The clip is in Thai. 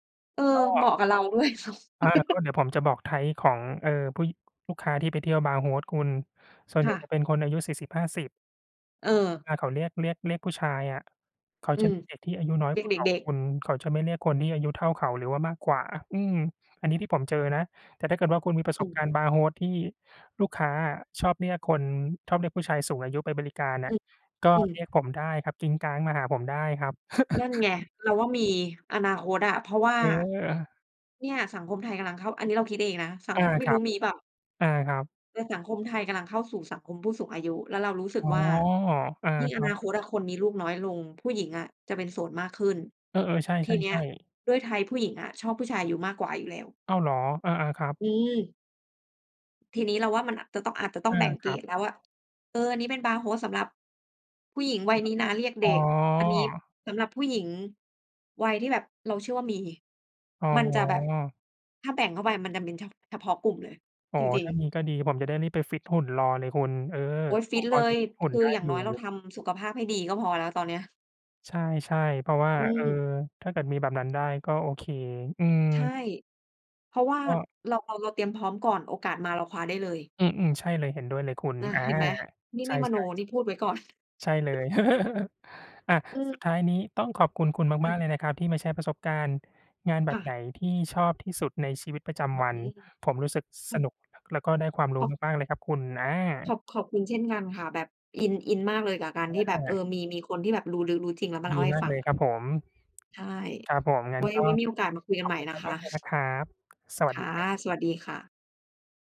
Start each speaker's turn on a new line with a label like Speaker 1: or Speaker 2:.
Speaker 1: เออ
Speaker 2: ก
Speaker 1: เหม
Speaker 2: ็
Speaker 1: าะกับเราด้วย
Speaker 2: อา ก็เดี๋ยวผมจะบอก Type ของ เอ่อ ผู้ยิ ลูกค้าที่ไปเที่ยวบาร์โฮสคุณ ส่วน
Speaker 1: ค
Speaker 2: ใหญ
Speaker 1: ่
Speaker 2: ่
Speaker 1: ะ
Speaker 2: จะเป็นคนอายุ 40-50
Speaker 1: เออ
Speaker 2: เวลาเขาเรียก เรียก เรียกผู้ชายอะ เขา
Speaker 1: อื
Speaker 2: จะเ
Speaker 1: ม
Speaker 2: รียกเด็กที่อายุน้อย
Speaker 1: เรี
Speaker 2: ก
Speaker 1: ย
Speaker 2: ว
Speaker 1: ก
Speaker 2: ่า
Speaker 1: เด
Speaker 2: เขา
Speaker 1: ็ก
Speaker 2: ค
Speaker 1: ๆ
Speaker 2: ุณ เขาจะไม่เรียกคนที่อายุเท่าเขา หรือว่ามากกว่า อืม อันนี้ที่ผมเจอนะ แต่ถ้าเกิดว่า คุณมีประ
Speaker 1: อ
Speaker 2: ส
Speaker 1: ื
Speaker 2: บการณ
Speaker 1: ม
Speaker 2: ์บาร์โฮส ที่ลูกค้าอะ ชอบเรียกคน ชอบเรียกผู้ชายสูงอายุไปบริการอ
Speaker 1: อื
Speaker 2: ะ
Speaker 1: ม
Speaker 2: ก็
Speaker 1: อื
Speaker 2: เรี
Speaker 1: ม
Speaker 2: ยกผมได้ครับ กริ๊งกร๊างมาหาผมได้ครับ
Speaker 1: นั่นไง เราว่ามีอนาคตอะ เพราะว่า
Speaker 2: เออ
Speaker 1: เนี่ย สังคมไทยกำลังเข้า อันนี้เราคิดเองนะสั
Speaker 2: อ
Speaker 1: งค
Speaker 2: า
Speaker 1: ม ไม่
Speaker 2: ครั
Speaker 1: รู้
Speaker 2: บ
Speaker 1: มีเปล่า
Speaker 2: อา ครับ
Speaker 1: แต่สังคมไทยกำลังเข้าสู่สังคมผู้สูงอายุ แล้วเรารู้สึ
Speaker 2: อ
Speaker 1: ก
Speaker 2: ๋อ
Speaker 1: ว่า
Speaker 2: อ่า
Speaker 1: ยิ่ง
Speaker 2: ค
Speaker 1: อ
Speaker 2: รั
Speaker 1: น
Speaker 2: บ
Speaker 1: าคตอะ คนมีลูกน้อยลง ผู้หญิงอะจะเป็นโสดมากขึ้น
Speaker 2: เออ ๆ ใช
Speaker 1: ทีเนี้ย
Speaker 2: ่ ๆ ๆ
Speaker 1: ด้วย Type ผู้หญิงอะ ชอบผู้ชายอายุมากกว่าอยู่แล้ว
Speaker 2: อ้าวเหรอ อา ๆ ครับ
Speaker 1: อืม ทีนี้เราว่า มันจะต้อง อาจจะต้
Speaker 2: อ
Speaker 1: อง
Speaker 2: า
Speaker 1: แบ่งเ
Speaker 2: ค
Speaker 1: ก
Speaker 2: ร
Speaker 1: ร
Speaker 2: ับ
Speaker 1: ดแล้วว่า เออ อันนี้เป็นบาร์โฮสสำหรับผู้หญิงวัยนี้นะ เรียกเ
Speaker 2: อ
Speaker 1: ด
Speaker 2: ๋
Speaker 1: ็ก อันนี้
Speaker 2: อ
Speaker 1: สำหรับผู้หญิงวัยที่แบบเราเชื่อว่ามี
Speaker 2: อ๋
Speaker 1: มันจะแบบ
Speaker 2: อ
Speaker 1: ถ้าแบ่งเข้าไปมันจะเป็น ช เฉพาะกลุ่มเลย
Speaker 2: อ๋อ
Speaker 1: จริ
Speaker 2: ถ
Speaker 1: ง
Speaker 2: ้า
Speaker 1: ๆ
Speaker 2: มีก็ดี ผมจะได้รีบไปฟิตหุ่นรอเลยคุณ เออ
Speaker 1: โอ๊ย ฟ
Speaker 2: ผ
Speaker 1: ิ
Speaker 2: ม
Speaker 1: ต
Speaker 2: พ
Speaker 1: เ
Speaker 2: อ
Speaker 1: ล
Speaker 2: จะ
Speaker 1: ย
Speaker 2: ฟิตหุ่
Speaker 1: ค
Speaker 2: น
Speaker 1: ื
Speaker 2: ได
Speaker 1: อ
Speaker 2: ้
Speaker 1: อย่า
Speaker 2: อ
Speaker 1: ง
Speaker 2: ยู
Speaker 1: น
Speaker 2: ่
Speaker 1: ้อยเราทำสุขภาพให้ดีก็พอแล้ว ตอนเนี้ย
Speaker 2: ใช่ ใช่ เพราะว่า
Speaker 1: อื
Speaker 2: เออ
Speaker 1: ม
Speaker 2: ถ้าเกิดมีแบบนั้นได้ก็โอเค อืม
Speaker 1: ใช่ เพราะว่า
Speaker 2: ก็
Speaker 1: เรา เรา เราเตรียมพร้อมก่อน โอกาสมาเราคว้าได้เลย
Speaker 2: อืม ๆ ใช่เลย เห็นด้วยเลยคุณ
Speaker 1: อะ
Speaker 2: อา
Speaker 1: เห็นไหม นี่
Speaker 2: ใช
Speaker 1: ไม่มโน
Speaker 2: ่ ๆ
Speaker 1: นี่พูดไว้ก่อน
Speaker 2: ใช่เลย อะ
Speaker 1: อื
Speaker 2: สุด
Speaker 1: ม
Speaker 2: ท้ายนี้ต้องขอบคุณ คุณ
Speaker 1: ค่
Speaker 2: มาก ๆ
Speaker 1: ะ
Speaker 2: เลยนะครับ ที่มาแชร์ประสบการณ์งานแบ
Speaker 1: ค
Speaker 2: บ
Speaker 1: ่
Speaker 2: ไหน
Speaker 1: ะ
Speaker 2: ที่ชอบที่สุดในชีวิตประจ
Speaker 1: โอ
Speaker 2: ำว
Speaker 1: เ
Speaker 2: ั
Speaker 1: ค
Speaker 2: น ผมรู้สึก
Speaker 1: อื
Speaker 2: ส
Speaker 1: ม
Speaker 2: นุก แล้วก็ได้ความรู้
Speaker 1: ข
Speaker 2: มาก ๆ เลยครับคุณ อา
Speaker 1: ขอบ ขอบคุณเช่นกันค่ะ แบบอิน อินมากเลยกับการที่แบบ เอ
Speaker 2: อา
Speaker 1: อ มี มีคนที่แบบรู้ลึกรู้จริง แล้วมาเ
Speaker 2: ดี
Speaker 1: ล่าให้
Speaker 2: มาก
Speaker 1: ฟั
Speaker 2: เล
Speaker 1: ง
Speaker 2: ย
Speaker 1: อ
Speaker 2: ค
Speaker 1: ะ
Speaker 2: รับผม
Speaker 1: ใช่
Speaker 2: ครับผม งั้
Speaker 1: ไว
Speaker 2: น
Speaker 1: ้
Speaker 2: ก็
Speaker 1: ไว้มีโอกาสมาคุย
Speaker 2: ข
Speaker 1: กัน
Speaker 2: อ
Speaker 1: ใ
Speaker 2: บ
Speaker 1: หม่
Speaker 2: คุณ
Speaker 1: นะค
Speaker 2: ม
Speaker 1: ะ
Speaker 2: าก ๆ เลยนะครับ สว
Speaker 1: ค
Speaker 2: ัสด
Speaker 1: ่
Speaker 2: ี
Speaker 1: ะ
Speaker 2: ครับ
Speaker 1: สวัสดีค่ะ